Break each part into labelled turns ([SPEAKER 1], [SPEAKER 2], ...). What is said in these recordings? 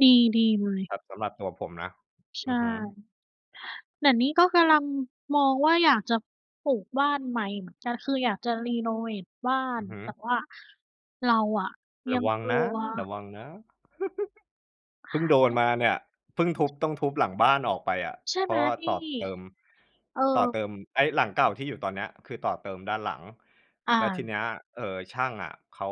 [SPEAKER 1] ดี ดีเลย
[SPEAKER 2] ครับ สำหรับตัวผมนะ
[SPEAKER 1] ใช
[SPEAKER 2] อ
[SPEAKER 1] ่
[SPEAKER 2] ือฮึ
[SPEAKER 1] แต่นี่ก็กำลัง มองว่าอยากจะปลูกบ้านใหม่เหมือนกัน คืออยากจะเรโนเวตบ้า
[SPEAKER 2] อ
[SPEAKER 1] น
[SPEAKER 2] ือฮึ
[SPEAKER 1] แต่ว่าเราอะย
[SPEAKER 2] ร
[SPEAKER 1] ั
[SPEAKER 2] ะ
[SPEAKER 1] ง
[SPEAKER 2] วัง
[SPEAKER 1] กล
[SPEAKER 2] น
[SPEAKER 1] ั
[SPEAKER 2] ะ
[SPEAKER 1] ว
[SPEAKER 2] ระวังนะ เพิ่งโดนม
[SPEAKER 1] เ
[SPEAKER 2] า
[SPEAKER 1] ออ
[SPEAKER 2] เนี่ย เพิ่งทุบ ต้องทุบหลังบ้านออกไปอะ
[SPEAKER 1] ใช่
[SPEAKER 2] เพ
[SPEAKER 1] ไ
[SPEAKER 2] ร
[SPEAKER 1] ห
[SPEAKER 2] า
[SPEAKER 1] ม
[SPEAKER 2] ะว่า
[SPEAKER 1] พี่?
[SPEAKER 2] ต่อเติม
[SPEAKER 1] เออ
[SPEAKER 2] ต่อเติมไอ้หลังเก่าที่อยู่ตอนเนี้ย คือต่อเติมด้านหลัง
[SPEAKER 1] อ
[SPEAKER 2] แล้วท
[SPEAKER 1] า
[SPEAKER 2] ีเนี้ย เอ่อ ช่างอะเขา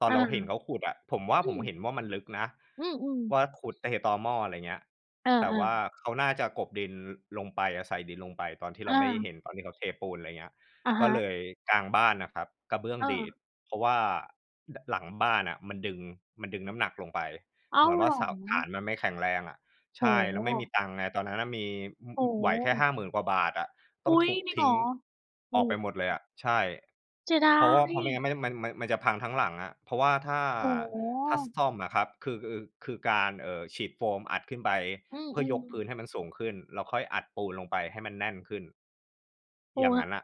[SPEAKER 2] ตอน
[SPEAKER 1] อา
[SPEAKER 2] เราเห็นเขาขุดอะ ผมว่า
[SPEAKER 1] อื
[SPEAKER 2] ผมเห
[SPEAKER 1] ม
[SPEAKER 2] ็นว่ามันลึกนะ
[SPEAKER 1] อืม ๆ
[SPEAKER 2] ว่าขุดไอ้ตอหม้อ อะไรอย่างเงี้ย
[SPEAKER 1] เออ
[SPEAKER 2] แต่ว่า
[SPEAKER 1] ๆ
[SPEAKER 2] เขาน่าจะกลบดินลงไป ใส่ดินลงไปตอนที่เ
[SPEAKER 1] เ
[SPEAKER 2] ราไม่ได้เห
[SPEAKER 1] ออ
[SPEAKER 2] ็น ตอนที่เขาเทปูน อะไรอย่างเงี้ย
[SPEAKER 1] อะ
[SPEAKER 2] ก
[SPEAKER 1] ฮ
[SPEAKER 2] ็เ
[SPEAKER 1] ะ
[SPEAKER 2] ลย กลางบ้านน่ะครับกระเบื้อง
[SPEAKER 1] เ
[SPEAKER 2] ดี
[SPEAKER 1] ออ
[SPEAKER 2] ด เพราะว่า ล หลังบ้านน่ะมันดึง มันดึงน้ำหนักลงไป
[SPEAKER 1] อ้
[SPEAKER 2] เ
[SPEAKER 1] า
[SPEAKER 2] หมื
[SPEAKER 1] ว
[SPEAKER 2] อนว
[SPEAKER 1] เห
[SPEAKER 2] ่า
[SPEAKER 1] รอ?
[SPEAKER 2] เสา ฐานมันไม่แข็งแรงอะ ใ
[SPEAKER 1] โอ
[SPEAKER 2] ช
[SPEAKER 1] ้
[SPEAKER 2] ่ แ
[SPEAKER 1] โ
[SPEAKER 2] ล้วไม่มี
[SPEAKER 1] ฮ
[SPEAKER 2] ตังค์ไง ตอนนั้นน่ะมี อ อ
[SPEAKER 1] โอ้โ
[SPEAKER 2] ไหวแค่
[SPEAKER 1] ฮ
[SPEAKER 2] 50,000 กว่าบาทอะ ต
[SPEAKER 1] อ
[SPEAKER 2] ้
[SPEAKER 1] ุ
[SPEAKER 2] อ
[SPEAKER 1] ๊
[SPEAKER 2] งท
[SPEAKER 1] ย
[SPEAKER 2] ุบ
[SPEAKER 1] จริง
[SPEAKER 2] ท
[SPEAKER 1] เห
[SPEAKER 2] ิ้
[SPEAKER 1] ร
[SPEAKER 2] ง
[SPEAKER 1] อ? โอ
[SPEAKER 2] อ
[SPEAKER 1] ้
[SPEAKER 2] อกไป
[SPEAKER 1] โฮ
[SPEAKER 2] หมดเลยอะ ใช่
[SPEAKER 1] เสียด
[SPEAKER 2] เ
[SPEAKER 1] า
[SPEAKER 2] พราะว่า เพราะไม่งั
[SPEAKER 1] ย
[SPEAKER 2] ้น ไม่ มัน มัน มันจะพังทั้งหลังอะ เพราะว่าถ้า
[SPEAKER 1] โอ้โฮ
[SPEAKER 2] ถ้าซ่อมอะครับ คือ อ คือการ เอ่อ ฉีดโฟมอัดขึ้นไป
[SPEAKER 1] อื
[SPEAKER 2] เพื่อย
[SPEAKER 1] ม
[SPEAKER 2] กพื้
[SPEAKER 1] ๆ
[SPEAKER 2] นให้มันสูงขึ้น แล้วค่อยอัดปูนลงไปให้มันแน่นขึ้น
[SPEAKER 1] โอ้
[SPEAKER 2] อย่าง
[SPEAKER 1] โฮ
[SPEAKER 2] งั้นน่ะ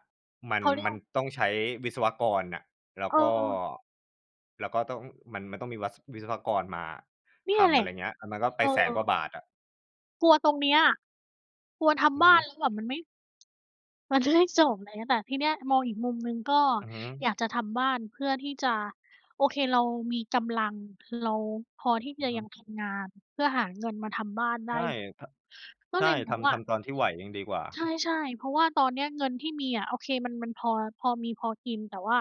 [SPEAKER 2] มั
[SPEAKER 1] เ
[SPEAKER 2] น
[SPEAKER 1] ขาเรี
[SPEAKER 2] ม
[SPEAKER 1] ย
[SPEAKER 2] ั
[SPEAKER 1] ก
[SPEAKER 2] นต้องใช้วิศวกรน่ะ แล้ว
[SPEAKER 1] เ
[SPEAKER 2] ก็
[SPEAKER 1] ออ
[SPEAKER 2] แล้วก็ต้อง มัน มันต้องมีวัศ วิศวกรมา
[SPEAKER 1] เนี่
[SPEAKER 2] ท
[SPEAKER 1] ยแ
[SPEAKER 2] ำ
[SPEAKER 1] หล
[SPEAKER 2] อะไ
[SPEAKER 1] ะ
[SPEAKER 2] รอย่างเงี้ย อา มันก็ไ
[SPEAKER 1] เ
[SPEAKER 2] ป
[SPEAKER 1] อ
[SPEAKER 2] 100,000 กว่า
[SPEAKER 1] อ
[SPEAKER 2] บาทอะ
[SPEAKER 1] กลัวตรงเนี้ย กลัวท
[SPEAKER 2] อื
[SPEAKER 1] ำ
[SPEAKER 2] อ
[SPEAKER 1] บ
[SPEAKER 2] ฮ
[SPEAKER 1] ้าน
[SPEAKER 2] ึ
[SPEAKER 1] แล้วแบบมันไม่ มันจะไม่จบ ไรเงี้ย แต่ทีเนี้ยมองอีกมุมหนึ่งก็
[SPEAKER 2] อือฮึ
[SPEAKER 1] อยากจะทำบ้านเพื่อที่จะ โอเค เรามีกำลัง เราพอที่
[SPEAKER 2] อื
[SPEAKER 1] จ
[SPEAKER 2] อ
[SPEAKER 1] ะ
[SPEAKER 2] ฮ
[SPEAKER 1] ยั
[SPEAKER 2] ึ
[SPEAKER 1] งทำงานเพื่อหาเงินมาทำบ้านไ
[SPEAKER 2] ใ
[SPEAKER 1] ด
[SPEAKER 2] ช
[SPEAKER 1] ้
[SPEAKER 2] ่ ท
[SPEAKER 1] ก็
[SPEAKER 2] ใช
[SPEAKER 1] เ
[SPEAKER 2] ่
[SPEAKER 1] ลยม
[SPEAKER 2] ท
[SPEAKER 1] องว
[SPEAKER 2] ำ
[SPEAKER 1] ่
[SPEAKER 2] ท
[SPEAKER 1] า
[SPEAKER 2] ำตอนที่ไหวยังดีกว่า
[SPEAKER 1] ใช่ ๆ เพราะว่าตอนเนี้ยเงินที่มีอะ โอเค มัน มันพอ พอมีพอกิน แต่ว่า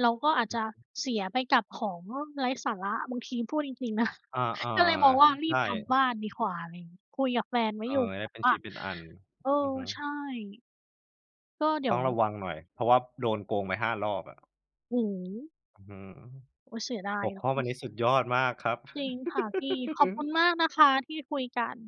[SPEAKER 1] เราก็อาจ
[SPEAKER 2] อ
[SPEAKER 1] จะ
[SPEAKER 2] ืม
[SPEAKER 1] เสียไปกับของนู่น ไร้สาระบางที พูดจริง ๆ นะ
[SPEAKER 2] อา เออ
[SPEAKER 1] ก็เลยมองว่ารี
[SPEAKER 2] ใช
[SPEAKER 1] บ
[SPEAKER 2] ่
[SPEAKER 1] ทำบ้านดีกว่า อะไรอย่างเงี้ย คุยกับแฟนไว้
[SPEAKER 2] เออ
[SPEAKER 1] อยู่
[SPEAKER 2] ได
[SPEAKER 1] แ
[SPEAKER 2] ้
[SPEAKER 1] บ
[SPEAKER 2] เ
[SPEAKER 1] บ
[SPEAKER 2] ป็น
[SPEAKER 1] ว
[SPEAKER 2] ช
[SPEAKER 1] ่า
[SPEAKER 2] ิ้นเป็นอัน
[SPEAKER 1] เออ
[SPEAKER 2] อือฮึ
[SPEAKER 1] ใช่ ก็เดี๋
[SPEAKER 2] ต้
[SPEAKER 1] ย
[SPEAKER 2] อ
[SPEAKER 1] ว
[SPEAKER 2] งระวังหน่อย เพราะว่าโดนโกงไป 5 รอบอะ
[SPEAKER 1] หือ
[SPEAKER 2] อื้อฮือ
[SPEAKER 1] โอ๊ย เสียดา
[SPEAKER 2] ห
[SPEAKER 1] ย
[SPEAKER 2] ัว
[SPEAKER 1] เน
[SPEAKER 2] ข
[SPEAKER 1] า
[SPEAKER 2] ้อวั
[SPEAKER 1] ะ
[SPEAKER 2] นนี้สุดยอดมากครับ
[SPEAKER 1] จริงค่ะพี่ ขอบคุณมากนะคะที่คุยกัน